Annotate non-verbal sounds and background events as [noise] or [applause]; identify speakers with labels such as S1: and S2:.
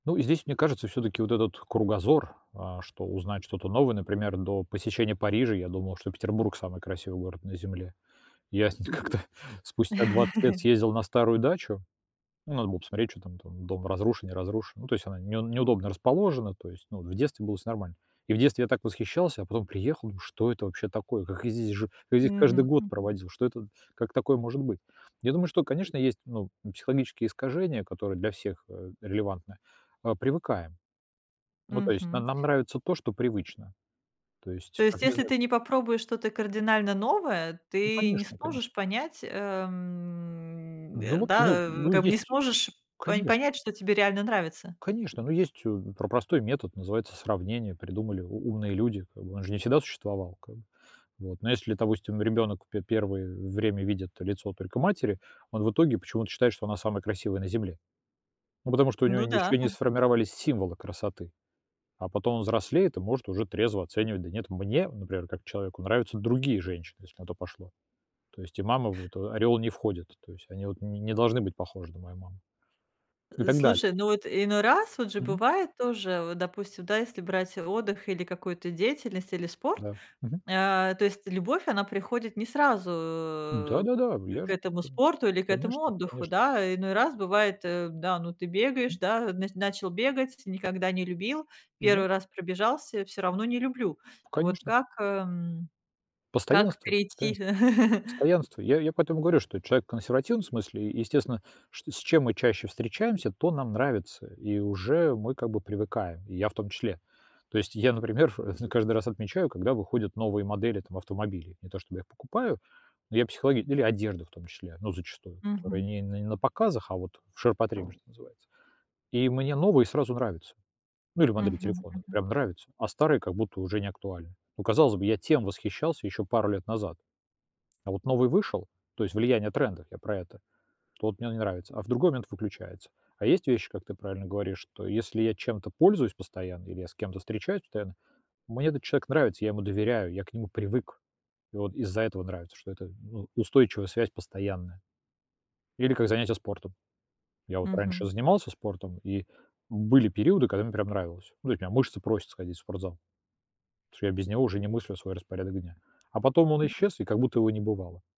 S1: Ну, здесь, мне кажется, всё-таки вот этот кругозор, а что узнать что-то новое, например, до посещения Парижа, я думал, что Петербург самый красивый город на земле, я сь нь как-то спустя 20 лет съездил на старую дачу, ну надо было посмотреть, чё там там дом разрушен, не разрушен, ну то есть она не неудобно расположена, то есть ну в детстве было всё нормально. И в детстве я так восхищался, а потом приехал, ну что это вообще такое? Как я здесь жил я здесь каждый
S2: Мгм,
S1: год
S2: мгм.
S1: проводил? Что это, как такое может быть? Я думаю, что, конечно, есть, ну, психологические искажения, которые для всех, а, релевантны, а, привыкаем. Ну то есть нам
S2: Мгм.
S1: нам нравится то, что привычно, то есть
S2: То есть,
S1: как, не
S2: если
S1: знаю
S2: ты не попробуешь что-то кардинально новое,
S1: Ну,
S2: ты не
S1: конечно конечно.
S2: сможешь понять, ам, а,
S1: Ну, в общем, ну,
S2: да, в
S1: ну
S2: как бы не
S1: есть,
S2: сможешь по
S1: конечно
S2: понять, что тебе реально нравится.
S1: Конечно, ну, есть, м, про простой метод, называется сравнение, придумали у умные люди, как бы он же не всегда существовал как бы, вот ну если, допустим, ребёнок пе первый время видит лицо только матери, он в итоге почему-то считает, что она самая красивая на Земле. Ну, потому что у него
S2: Ну да.
S1: ещё не
S2: [chuckles]
S1: сформировались символы красоты, а потом, взрослеет, и может уже трезво оценивать. Да нет, мне, например, как человеку нравятся другие женщины, если на то пошло. То есть и мама вот в ореол не входит, то есть они вот ни не должны быть похожи на мою маму, и
S2: Э,
S1: так далее.
S2: слушай, ну, вот иной раз, вот же
S1: Мгм.
S2: бывает тоже, вот, допустим, да, если брать отдых или какую-то деятельность, или спорт,
S1: Да, мгм.
S2: а, то есть, любовь, она приходит не сразу
S1: Да-да-да я
S2: к
S1: же
S2: этому
S1: ту
S2: спорту или к этому
S1: Конечно
S2: отдыху,
S1: конечно.
S2: да? Иной раз бывает, да, ну, ты бегаешь,
S1: Ам
S2: да, на начал бегать, никогда не любил,
S1: Ну да.
S2: 1 раз пробежался всё равно не люблю. Вот
S1: Конечно.
S2: как, м, как
S1: Постоянство
S2: перейти?
S1: постоянство
S2: [chuckles]
S1: постоянство. Я я поэтому и говорю, что человек в консервативном смысле, естественно, что с чем мы чаще встречаемся, то нам нравится, и уже мы как бы привыкаем, и я в том числе. То есть я, например в каждый раз отмечаю, когда выходят новые модели там автомобилей, не то, чтобы я их покупаю, но я психологи или одежда в том числе, ну, зачастую, которая
S2: Мгм.
S1: не на показах, а вот в ширпотребе, что называется, и мне новые сразу нравятся, ну, или модели
S2: Мгм,
S1: телефонов
S2: мгм.
S1: прям нравятся, а старые как будто уже неактуальные. Ну, казалось бы, я тем восхищался ещё пару лет назад, а вот новый вышел, то есть влияние трендов, я про это, то вот мне не нравится, а в другой момент выключается. А есть вещи, как ты правильно говоришь, что если я чем-то пользуюсь постоянно, или я с кем-то встречаюсь постоянно, мне этот человек нравится, я ему доверяю, я к нему привык, и вот из-за этого нравится, что это, ну, устойчивая связь постоянная. Или как занятия спортом. Я вот раньше
S2: Мгм.
S1: занимался спортом, и были периоды, когда мне прям нравилось. Ну, [unintelligible] мышцы просят сходить в спортзал, потому что я без него уже не мыслю свой распорядок дня, а потом он
S2: [unintelligible]
S1: исчез, и как будто его не бывало.